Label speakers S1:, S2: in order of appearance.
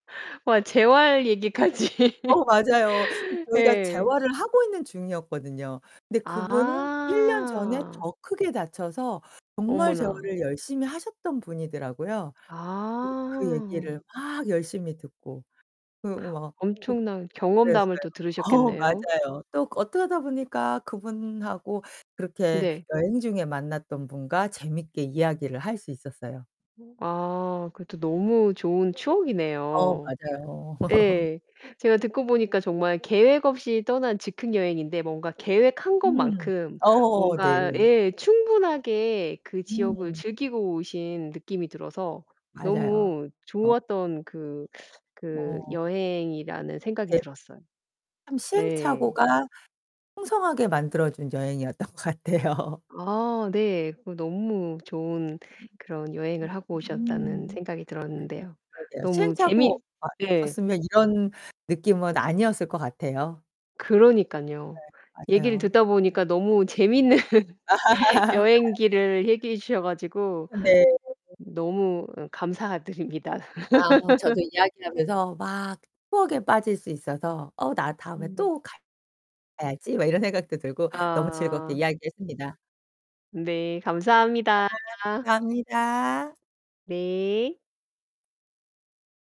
S1: 와 재활 얘기까지.
S2: 어 맞아요. 저희가
S1: 예.
S2: 재활을 하고 있는 중이었거든요. 근데 그분은 1 년 전에
S1: 아.
S2: 더 크게 다쳐서 정말
S1: 어머나.
S2: 재활을 열심히 하셨던 분이더라고요. 그 그
S1: 아.
S2: 얘기를 막 열심히 듣고. 그리고 막 독
S1: 엄청난 경험담을
S2: 그랬어요.
S1: 또
S2: 어
S1: 들으셨겠네요?
S2: 맞아요. 또 그 어떡하다 보니까 그분하고 그렇게
S1: 네.
S2: 여행 중에 만났던 분과 재밌게 이야기를 할 수 있었어요.
S1: 어 아 그것도 너무 좋은
S2: 어
S1: 추억이네요.
S2: 맞아요.
S1: 예. 제가 듣고 보니까 정말 계획 없이 떠난 즉흥 여행인데 뭔가 계획한
S2: 음
S1: 것만큼
S2: 어 네.
S1: 뭔가 예 충분하게 그 지역을
S2: 음.
S1: 즐기고 오신 느낌이 들어서
S2: 맞아요.
S1: 너무
S2: 어.
S1: 좋았던 그 그
S2: 어.
S1: 여행이라는 생각이
S2: 대
S1: 들었어요.
S2: 참
S1: 예.
S2: 시행착오가 풍성하게 만들어 준 여행이었던 것 같아요.
S1: 아 네. 그거 너무 좋은
S2: 음.
S1: 그런 여행을 하고 오셨다는
S2: 으음.
S1: 생각이
S2: 네
S1: 들었는데요.
S2: 그러게요.
S1: 너무
S2: 시행착오가
S1: 재미 예.
S2: 없었으면 이런 느낌은 아니었을 것 같아요.
S1: 그러니깐요.
S2: 네
S1: 얘기를
S2: 맞아요.
S1: 듣다 보니까 너무 재밌는 여행기를 얘기해 주셔 가지고
S2: 어 네.
S1: 너무 응 감사드립니다.
S2: 아 저도 이야기하면서 막 추억에 빠질 수 있어서 '어 나 다음에
S1: 음.
S2: 또 가 가야지.' 막 이런 생각도 들고 너무 즐겁게
S1: 아
S2: 이야기했습니다.
S1: 네
S2: 아
S1: 감사합니다.
S2: 감사합니다.
S1: 네.